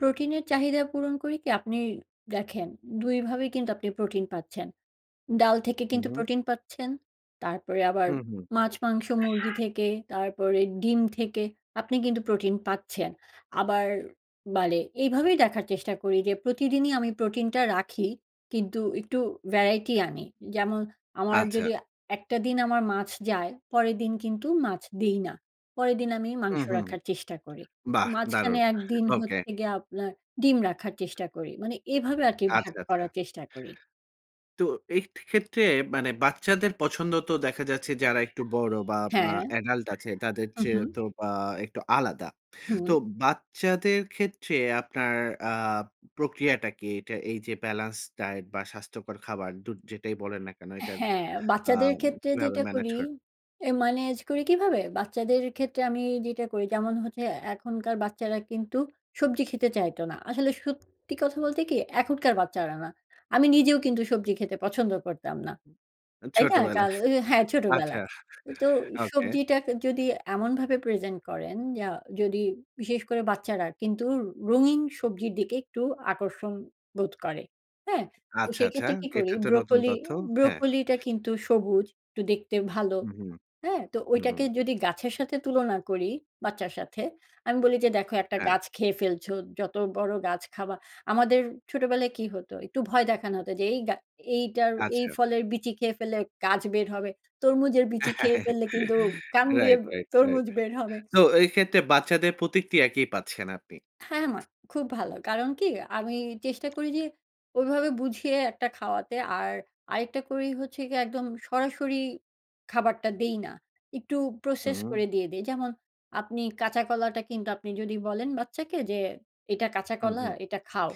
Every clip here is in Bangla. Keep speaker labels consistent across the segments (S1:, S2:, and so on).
S1: প্রোটিনের চাহিদা পূরণ করি কি আপনি দেখেন, ২ ভাবেই কিন্তু আপনি প্রোটিন পাচ্ছেন। ডাল থেকে
S2: হু,
S1: কিন্তু
S2: হু।
S1: প্রোটিন পাচ্ছেন, তারপরে আবার
S2: হু, হু।
S1: মাছ, মাংস, মুরগি থেকে, তারপরে ডিম থেকে আপনি কিন্তু প্রোটিন পাচ্ছেন। আবার বালে এইভাবেই দেখার চেষ্টা করি যে প্রতিদিনই আমি প্রোটিনটা রাখি কিন্তু একটু variety আনি। যেমন আমার
S2: আচ্ছা।
S1: যদি একটা দিন আমার মাছ যায়, পরের দিন কিন্তু মাছ দিই না। পরের দিন আমি মাংস
S2: হুম, হুম,
S1: রাখার চেষ্টা করি।
S2: বাহ!
S1: মাঝখানে
S2: দারুণ।
S1: একদিন
S2: ওকে।
S1: হচ্ছে গিয়ে আপনার ডিম রাখার চেষ্টা করি মানে এভাবে আরকি ভাগ
S2: আচ্ছা, আচ্ছা।
S1: করার চেষ্টা করি।
S2: তো এই খে ক্ষেত্রে মানে বাচ্চাদের পছন্দ তো দেখা যাচ্ছে যারা একটু বড় বা আ
S1: হ্যাঁ।
S2: adult আছে তাদের
S1: হু,
S2: চেয়ে
S1: হু।
S2: তো আ একটু আলাদা। তো
S1: হুম।
S2: বাচ্চাদের ক্ষেত্রে আপনার আ প্রক্রিয়াটা কি? এইটা এইযে balance diet বা স্বাস্থ্যকর খাবার দু যেটাই বলেন না কেন এটার
S1: হ্যাঁ,
S2: আ
S1: বাচ্চাদের ক্ষেত্রে
S2: কিভাবে
S1: যেটা
S2: ম্যানেজ
S1: করি
S2: করেন?
S1: এ ম্যানেজ করি কিভাবে? বাচ্চাদের ক্ষেত্রে আমি যেটা করি যেমন হচ্ছে এখনকার বাচ্চারা কিন্তু সবজি খেতে চাইত না। আসলে সত্যি কথা বলতে কি? এখনকার বাচ্চারা না। আমি নিজেও কিন্তু সবজি খেতে পছন্দ করতাম না। তাই না?
S2: ছোটবেলায়।
S1: কাল আ হ্যাঁ
S2: আচ্ছা।
S1: ছোটবেলায়। তো
S2: ওকে।
S1: সবজিটাকে যদি এমনভাবে present করেন যা যদি বিশেষ করে বাচ্চারা কিন্তু রঙিন সবজির দিকে একটু আকর্ষণ বোধ করে। হ্যাঁ? তো
S2: আচ্ছা, আচ্ছা,
S1: সেক্ষেত্রে কি করি?
S2: এটা তো নতুন
S1: ব্রকোলি
S2: তথ্য। হ্যাঁ।
S1: ব্রকোলিটা কিন্তু সবুজ, একটু দেখতে ভালো।
S2: হু, হু,
S1: হ্যাঁ? তো
S2: হু,
S1: ওইটাকে
S2: হু।
S1: যদি গাছের সাথে তুলনা করি বাচ্চার সাথে, আমি বলি যে, "দেখো একটা
S2: হ্যাঁ।
S1: গাছ খেয়ে ফেলছো, যত বড় গাছ খাবা" আমাদের ছোটবেলায় কি হতো? একটু ভয় দেখানো হতো যে এই গা এইটার এই
S2: আচ্ছা।
S1: ফলের বিচি খেয়ে ফেললে গাছ বের হবে। তরমুজের বিচি খেয়ে ফেললে কিন্তু কান দিয়ে
S2: রাইট, রাইট,
S1: তরমুজ
S2: রাইট।
S1: বের হবে।
S2: তো এক্ষেত্রে বাচ্চাদের প্রতিক্রিয়া কি পাচ্ছেন আপনি?
S1: হ্যাঁ, মা খুব ভালো। কারণ কি? আমি চেষ্টা করি যে ওইভাবে বুঝিয়ে একটা খাওয়াতে। আর আরেকটা করি হচ্ছে গিয়ে একদম সরাসরি খাবারটা দেই না। একটু process
S2: হু।
S1: করে দিয়ে দেই। যেমন আপনি কাঁচা কলাটা কিন্তু আপনি যদি বলেন বাচ্চাকে যে, "এটা কাঁচা
S2: হু,
S1: কলা।
S2: হু।
S1: এটা খাও।"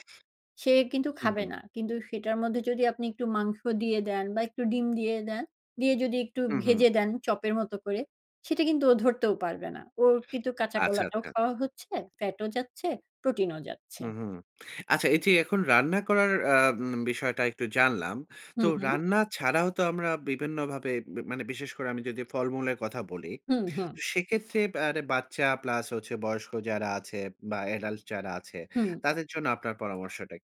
S1: সে কিন্তু
S2: হু,
S1: খাবে
S2: হু।
S1: না। কিন্তু সেটার মধ্যে যদি আপনি একটু মাংস দিয়ে দেন বা একটু ডিম দিয়ে দেন, দিয়ে যদি একটু
S2: হু, হু।
S1: ভেজে দেন চপের মতো করে সেটা কিন্তু ও ধরতেও পারবে না। ওর কিন্তু কাঁচা
S2: আচ্ছা,
S1: কলাটাও
S2: আচ্ছা।
S1: খাওয়া হচ্ছে। ফ্যাটও যাচ্ছে, প্রোটিনও যাচ্ছে।
S2: হুম, হুম। আচ্ছা এইযে এখন রান্না করার অ্যাম বিষয়টা একটু জানলাম।
S1: হু,
S2: তো
S1: হু।
S2: রান্না ছাড়াও তো আমরা বিভিন্নভাবে মা মানে বিশেষ করে আমি যদি ফলমূলের কথা বলি,
S1: হুম, হুম।
S2: সেক্ষেত্রে বা মানে বাচ্চা প্লাস হচ্ছে বয়স্ক যারা আছে বা adult যারা আছে,
S1: হুম।
S2: তাদের জন্য আপনার পরামর্শটা কি?